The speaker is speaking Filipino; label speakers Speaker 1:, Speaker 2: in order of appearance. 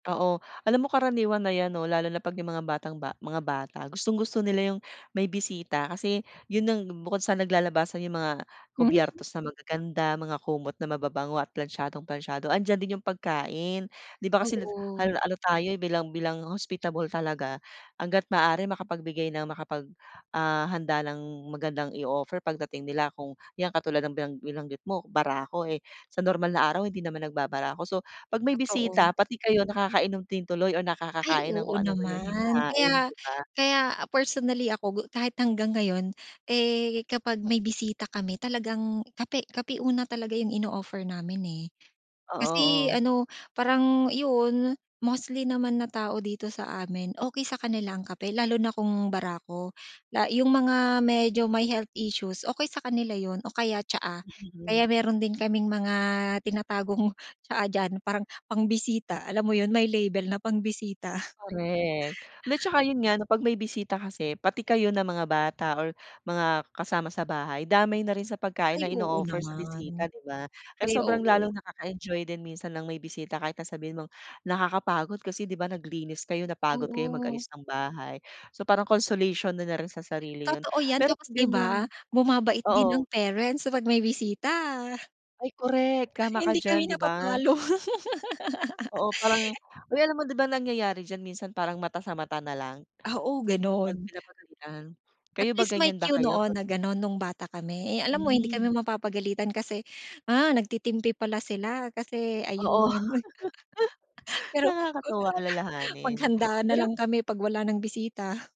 Speaker 1: Oo. Alam mo karaniwan na yan 'no lalo na 'pag yung mga batang-ba mga bata. Gustong-gusto nila yung may bisita kasi yun nang bukod sa naglalabasan yung mga
Speaker 2: Mhm.
Speaker 1: kobyertos na magaganda, mga kumot na mababango at plantsadong-plantsado, andiyan din yung pagkain. Di ba kasi lut
Speaker 2: Oo.
Speaker 1: hal ano tayo bilang bilang hospitable talaga, hangga't maaari makapagbigay ng makapag, ah, handa ng magandang i-o-offer pagdating nila kung yang katulad ng binang binanggit mo, barako, eh, sa normal na araw, hindi naman nagbabarako. So, 'pag may
Speaker 2: Totoo.
Speaker 1: bisita pati kayo nakakainom din tuloy o
Speaker 2: Ay,
Speaker 1: nakakakain ng
Speaker 2: oo
Speaker 1: kung ano man yung
Speaker 2: naman.
Speaker 1: hinahain,
Speaker 2: Kaya
Speaker 1: di ba?
Speaker 2: kaya personally ako gu kahit hanggang ngayon, eh, kapag may bisita kami talagang kape kape una talaga yung ino-offer namin, eh.
Speaker 1: Oo,
Speaker 2: Kasi
Speaker 1: oh.
Speaker 2: ano, parang, yun, mostly naman na tao dito sa amin, okey sa kanila ang kape lalo na kung barako, la yung mga medyo may health issues, okey sa kanila yun o kaya tsaa.
Speaker 1: [unintelligible]
Speaker 2: Kaya meron din kaming mga tinatagong tsaa diyan, parang pangbisita, alam mo yun, may label na pangbisita.
Speaker 1: Korek. Lat tsaka, yun nga, 'pag may bisita kasi pati kayo na mga bata or mga kasama sa bahay, damay na rin sa pagkain
Speaker 2: Ay,
Speaker 1: na
Speaker 2: oo
Speaker 1: ino-offer sa
Speaker 2: naman.
Speaker 1: bisita, di ba? Kaya
Speaker 2: Ay,
Speaker 1: sobrang
Speaker 2: oo.
Speaker 1: lalong nakaka-enjoy din minsan ng may bisita kayo kahit na sabihin mong nakakapagod kasi, di ba, naglinis kayo, napagod kayo
Speaker 2: Oo.
Speaker 1: mag-ayos ng bahay. So, parang consolation na na rin sa sarili yun.
Speaker 2: Totoo yan.
Speaker 1: Pero
Speaker 2: Tapos,
Speaker 1: 'pag
Speaker 2: di ba,
Speaker 1: ganiyang
Speaker 2: bumabait din ang
Speaker 1: oo.
Speaker 2: parents sa 'pag may bisita.
Speaker 1: Ay, korek. Tama ka
Speaker 2: Hindi kami
Speaker 1: diyan, di ba.
Speaker 2: napapalo.
Speaker 1: Oo, parang uy, alam mo di ba, nangyayari diyan minsan parang mata sa mata nalang,
Speaker 2: Oo,
Speaker 1: 'pag
Speaker 2: gano'n.
Speaker 1: pinapagalitan?
Speaker 2: At
Speaker 1: Kayo ba
Speaker 2: least may
Speaker 1: ganiyan ba
Speaker 2: cue
Speaker 1: kayo
Speaker 2: noon
Speaker 1: pag
Speaker 2: na gano'n nung bata kami. Eh, alam mo hindi
Speaker 1: Hmm.
Speaker 2: kami mapapagalitan kasi, ah, nagtitimpi pala sila, kasi,
Speaker 1: Oo.
Speaker 2: ayun. Pero ku
Speaker 1: Nakakatuwa alalahanin.
Speaker 2: maghanda
Speaker 1: Pero
Speaker 2: nalang kami 'pag wala nang bisita.